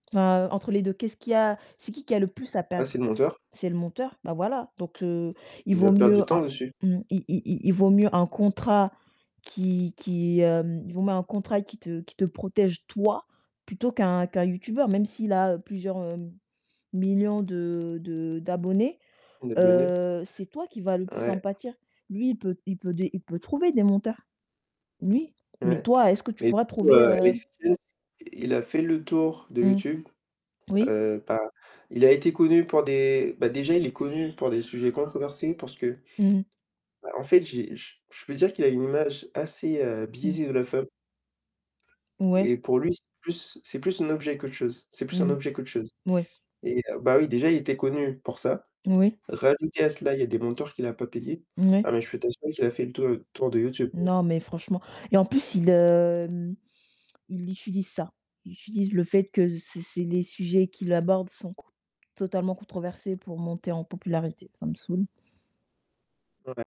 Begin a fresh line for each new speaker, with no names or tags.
Heu, entre les 2, qu'est-ce qu'il y a c'est qui qui a le plus à
Ah
perdre?
c'est le monteur.
C'est le monteur? Ben, voilà, donc heu, il
Il
vaut
va perdre du
mieux un
temps dessus.
mmh, il il il il vaut mieux un contrat qui qui, hem, il vaut mieux un contrat qui te qui te protège toi plutôt qu'un qu'un youtubeur, même s'il a plusieurs millions de de d'abonnés,
Des données.
heu, c'est toi qui va le plus en
Ouais.
pâtir. Lui, il peut il peut des il peut trouver des monteurs. Lui, mais
Ouais,
toi est-ce que tu
mais du
pourras
coup,
trouver
heu,
heu
est ce qu'il a fait le tour de
Mmh.
YouTube,
Oui.
heu, bah, il a été connu pour des, bah, déjà il est connu pour des sujets controversés parce que,
Mmh mh.
bah, en fait, j'ai je je peux dire qu'il a une image assez, heu,
Mmh.
biaisée de la femme
Ouais.
et pour lui, c'est plus, c'est plus un objet qu'autre chose. C'est plus un
Mmh.
objet qu'autre chose
Mouais.
et heu, bah, oui, déjà, il était connu pour ça.
Oui.
Rajouter à cela, il y a des monteurs qu'il a pas payée. Ah,
Ouais.
mais je peux t'assurer qu'il a fait le tour tour de YouTube.
Non, mais franchement, et en plus, il, hem, il utilise ça. Il utilise le fait que c'est c'est les sujets qu'il abordent sont c totalement controversés pour monter en popularité. Ça me saoule.
Ouais.